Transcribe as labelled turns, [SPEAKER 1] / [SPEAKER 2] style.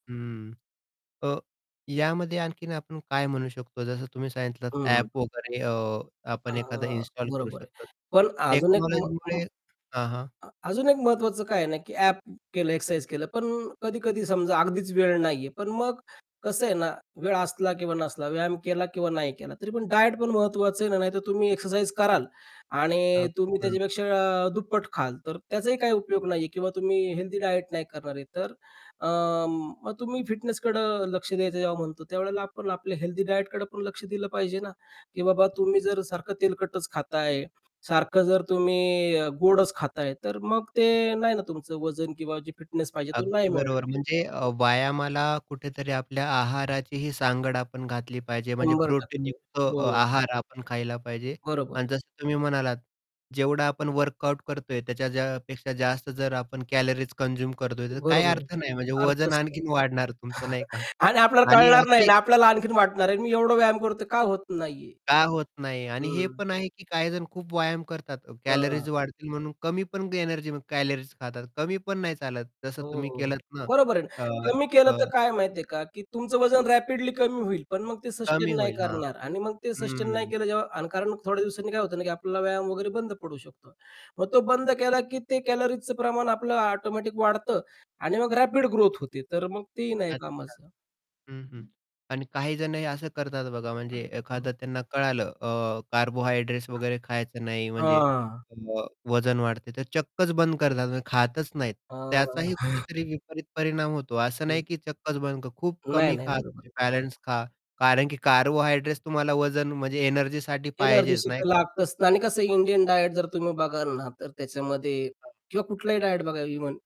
[SPEAKER 1] हं. अ, यामध्ये आणखीन आपण काय म्हणू शकतो जसं तुम्ही सांगितलत
[SPEAKER 2] हं, हं.
[SPEAKER 1] ॲप वगैरे. अ,
[SPEAKER 2] अ,
[SPEAKER 1] आपण एखादा इन्स्टॉल करू
[SPEAKER 2] बरोबर आहे.
[SPEAKER 1] शकतो
[SPEAKER 2] पण अजून एक म म्
[SPEAKER 1] टेक्नॉलॉजीमुळे हां, हां.
[SPEAKER 2] अ, अजून एक महत्वाचं काय आहे ना, की ॲप केलं एक्सरसाइज केलं पण कधी-कधी समजा अगदीच वेळ नाही आहे. पण मग कसं आहे ना, वेळ असला किंवा नसला, व्यायाम केला किंवा नाही केला, तरी पण डायट पण महत्वाचं आहे ना, नाहीतर तुम्ही एक्सरसाइज कराल आणि
[SPEAKER 1] अगदी
[SPEAKER 2] तुम्ही
[SPEAKER 1] बरोबर.
[SPEAKER 2] त्याच्यापेक्षा दुप्पट खाल. तर त्याचाही काही उपयोग नाही आहे किंवा तुम्ही हेल्थी डायट नाही करणार आहे, तर, अं, मग तुम्ही फिटनेसकडे लक्ष द्यायचं जेव्हा म्हणतो त्यावेळेला आपण आपल्या हेल्थी डायट कडे लक्ष दिलं पाहिजे ना, की बाबा तुम्ही जर सारखं तेलकटच खात आहे, सारखं जर तुम्ही गोडच खात आहे, तर मग ते नाही ना तुमचं वजन किंवा फिटनेस पाहिजे, तो नाही
[SPEAKER 1] अगदी
[SPEAKER 2] मिळणार
[SPEAKER 1] बरोबर.
[SPEAKER 2] आहे.
[SPEAKER 1] म्हणजे अ, व्यायामाला कुठेतरी आपल्या आहाराचीही सांगड आपण घातली पाहिजे, म्हणजे
[SPEAKER 2] शंभर
[SPEAKER 1] प्रोटीन
[SPEAKER 2] टक्के
[SPEAKER 1] युक्त
[SPEAKER 2] हो.
[SPEAKER 1] अ, आहार आपण खायला पाहिजे.
[SPEAKER 2] बरोबर.
[SPEAKER 1] आणि जसं तुम्ही म्हणालात जेवढं आपण वर्कआउट करतोय त्याच्या पेक्षा जास्त जर आपण कॅलरीज कन्झ्युम करतोय त्याचा काही
[SPEAKER 2] बरोबर आहे.
[SPEAKER 1] अर्थ नाही म्हणजे वजन
[SPEAKER 2] अर्थच नाही.
[SPEAKER 1] आणखीन वाढणार तुमचं नाही का.
[SPEAKER 2] आणि आपल्याला
[SPEAKER 1] आणि
[SPEAKER 2] कळणार नाही
[SPEAKER 1] असे
[SPEAKER 2] आणि आपल्याला आणखीन वाटणार आहे. मी एवढा व्यायाम करतो का होत नाही आहे.
[SPEAKER 1] का होत नाही? आणि हे
[SPEAKER 2] हं
[SPEAKER 1] पण आहे, की काहीजण खूप व्यायाम करतात
[SPEAKER 2] अ
[SPEAKER 1] कॅलरीज वाढतील म्हणून कमी पण एनर्जी कॅलरीज खातात कमी पण नाही चालत जसं
[SPEAKER 2] हो,
[SPEAKER 1] तुम्ही
[SPEAKER 2] हो.
[SPEAKER 1] केलत ना
[SPEAKER 2] बरोबर आहे.
[SPEAKER 1] अ,
[SPEAKER 2] कमी केलं
[SPEAKER 1] अ
[SPEAKER 2] तर काय माहिती आहे का? की तुमचं वजन रॅपिडली कमी होईल, पण मग ते
[SPEAKER 1] कमी
[SPEAKER 2] सस्टेन नाही
[SPEAKER 1] होईल हा.
[SPEAKER 2] करणार. आणि मग ते सस्टेन नाही
[SPEAKER 1] हं.
[SPEAKER 2] केलं जेव्हा अकारण थोड्या दिवसांनी काय होतं ना, की आपल्याला व्यायाम वगैरे बंद पडू शकतो. मग तो बंद केला, की ते कॅलरीजच प्रमाण आपलं ऑटोमॅटिक वाढतं आणि मग रॅपिड ग्रोथ होते. तर मग तेही नाही
[SPEAKER 1] अच्छा!
[SPEAKER 2] कामाचं.
[SPEAKER 1] हं, हं. आणि काहीजण हे असं करतात बघा म्हणजे एखादं
[SPEAKER 2] हं.
[SPEAKER 1] त्यांना कळालं अ, कार्बोहायड्रेट्स वगैरे खायचं नाही म्हणजे
[SPEAKER 2] हां.
[SPEAKER 1] मग वजन वाढते. तर चक्कच बंद करतात म्हणजे खातच नाहीत
[SPEAKER 2] अ
[SPEAKER 1] त्याचाही कुठेतरी विपरीत परिणाम होतो असं नाही,
[SPEAKER 2] हं.
[SPEAKER 1] की चक्कच बंद कर खूप
[SPEAKER 2] नाही,
[SPEAKER 1] कमी
[SPEAKER 2] नाही.
[SPEAKER 1] खा
[SPEAKER 2] बरोबर आहे.
[SPEAKER 1] बॅलन्स खा. कारण की कार्बोहायड्रेट्स तुम्हाला वजन म्हणजे एनर्जीसाठी पाहिजेच
[SPEAKER 2] एनर्जीशी
[SPEAKER 1] नाही
[SPEAKER 2] तर
[SPEAKER 1] का?
[SPEAKER 2] लागतच आणि कसं इंडियन डायट जर तुम्ही बघाल ना, तर त्याच्यामध्ये
[SPEAKER 1] हं.
[SPEAKER 2] किंवा कुठलाही डायट बघा इव्हन.